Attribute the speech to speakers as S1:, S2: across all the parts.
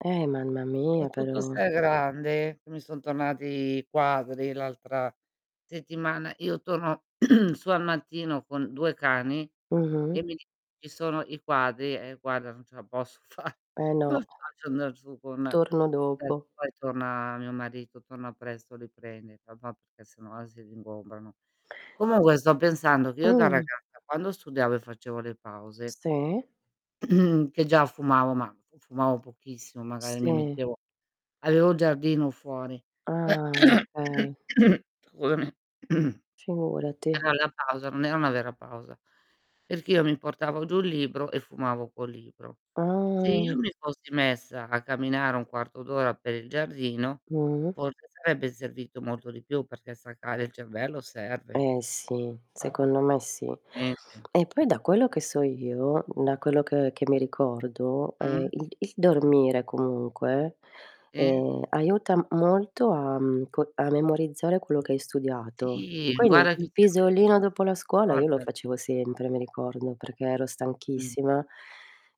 S1: Eh, mamma mia,
S2: Soprattutto
S1: però.
S2: se è grande, mi son tornati quadri l'altra settimana, io torno su al mattino con 2 cani e
S1: Mh-mh.
S2: mi di "ci sono i quadri", "eh, guarda non ce la posso fa"
S1: Eh,
S2: come
S1: no.
S2: faccio andar giù con
S1: Torno
S2: [unintelligible]
S1: dopo.
S2: poi torna mio marito, torna presto li prende papà, perché sennò si [unintelligible] comunque sto pensando che io da
S1: Mh.
S2: ragazza quando studiavo e facevo le pause
S1: Sì.
S2: che già fumavo, ma fu fumavo pochissimo magari mi
S1: Sì.
S2: mettevo avevo il giardino fuori.
S1: Ah okay.
S2: Scusami.
S1: Figurati.
S2: [unintelligible] la pausa non era una vera pausa, perché io mi portavo giù il libro e fumavo col libro. Se io
S1: Ah.
S2: mi fossi messa a camminare 1/4 d'ora per il giardino
S1: Mh.
S2: forse sarebbe servito molto di più, perché staccare il cervello serve.
S1: Eh sì, secondo me sì.
S2: [unintelligible]
S1: E poi da quello che so io, da quello ch che mi ricordo,
S2: Mh,
S1: ehm, il il
S2: [unintelligible]
S1: dormire comunque,
S2: Sì.
S1: ehm, aiuta molto a, mhmm, co a memorizzare quello che hai studiato.
S2: Sì,
S1: Quindi il
S2: guardati
S1: il
S2: sempre
S1: pisolino dopo la scuola io lo facevo
S2: [unintelligible]
S1: sempre, mi ricordo, perché ero
S2: Mh.
S1: stanchissima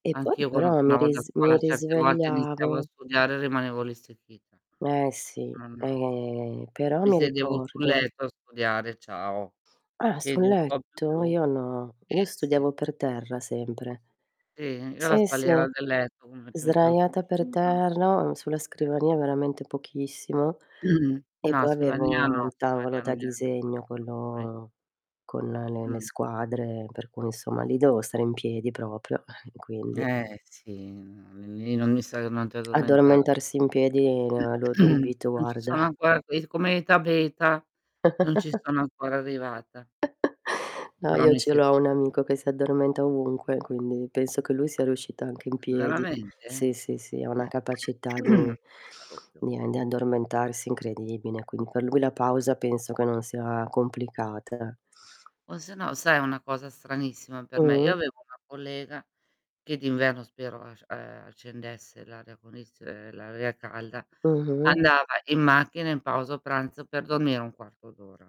S1: e poi
S2: Anch'io quando
S1: però mi
S2: tornavo da
S1: ris mi
S2: scuola certe volte iniziavo a
S1: risvegliavo
S2: studiare e rimanevo lì stecchita.
S1: Eh sì,
S2: Non
S1: eh però
S2: Mi
S1: mi
S2: sedevo sul
S1: ricordo.
S2: letto a studiare e ciao.
S1: Ah, sul letto?
S2: [unintelligible]
S1: Io no. Io
S2: Sì, sì.
S1: studiavo per terra sempre.
S2: Sì? Io la
S1: Sì, sì,
S2: spalliera del letto, uno ci metteva il
S1: sdraiata per
S2: cuscino.
S1: terra, on sulla scrivania
S2: Certo.
S1: veramente pochissimo e
S2: No,
S1: poi
S2: scrivania
S1: avevo
S2: no.
S1: un tavolo
S2: Scrivania
S1: da
S2: non era
S1: disegno,
S2: [unintelligible]
S1: quello con le le
S2: Mh.
S1: squadre per cui, insomma, li dovevo stare in piedi proprio, eh, quindi
S2: Eh sì, no lì non mi [unintelligible] addormentare.
S1: Addormentarsi in piedi ah, lo dubito
S2: Non ci
S1: guarda.
S2: sono ancora quei s come Eta Beta, non ci sono ancora arrivata.
S1: No,
S2: Però
S1: io
S2: mi
S1: ce
S2: si
S1: l'ho un amico che si addormenta ovunque, quindi penso che lui sia riuscito anche in
S2: Uhm,
S1: piedi.
S2: veramente?
S1: Sì, sì, sì, ha una capacità di
S2: Non parlo più.
S1: di e di addormentarsi incredibile, quin que lui la pausa penso che non sia complicata.
S2: O sennò sai è una cosa stranissima per me? Io
S1: Mh.
S2: avevo una collega che d'inverno spero asc ehm, accendesse l'aria condiz ehm, l'aria calda,
S1: Mh-mh.
S2: andava in macchina in pausa pranzo per dormire 1/4 d'ora.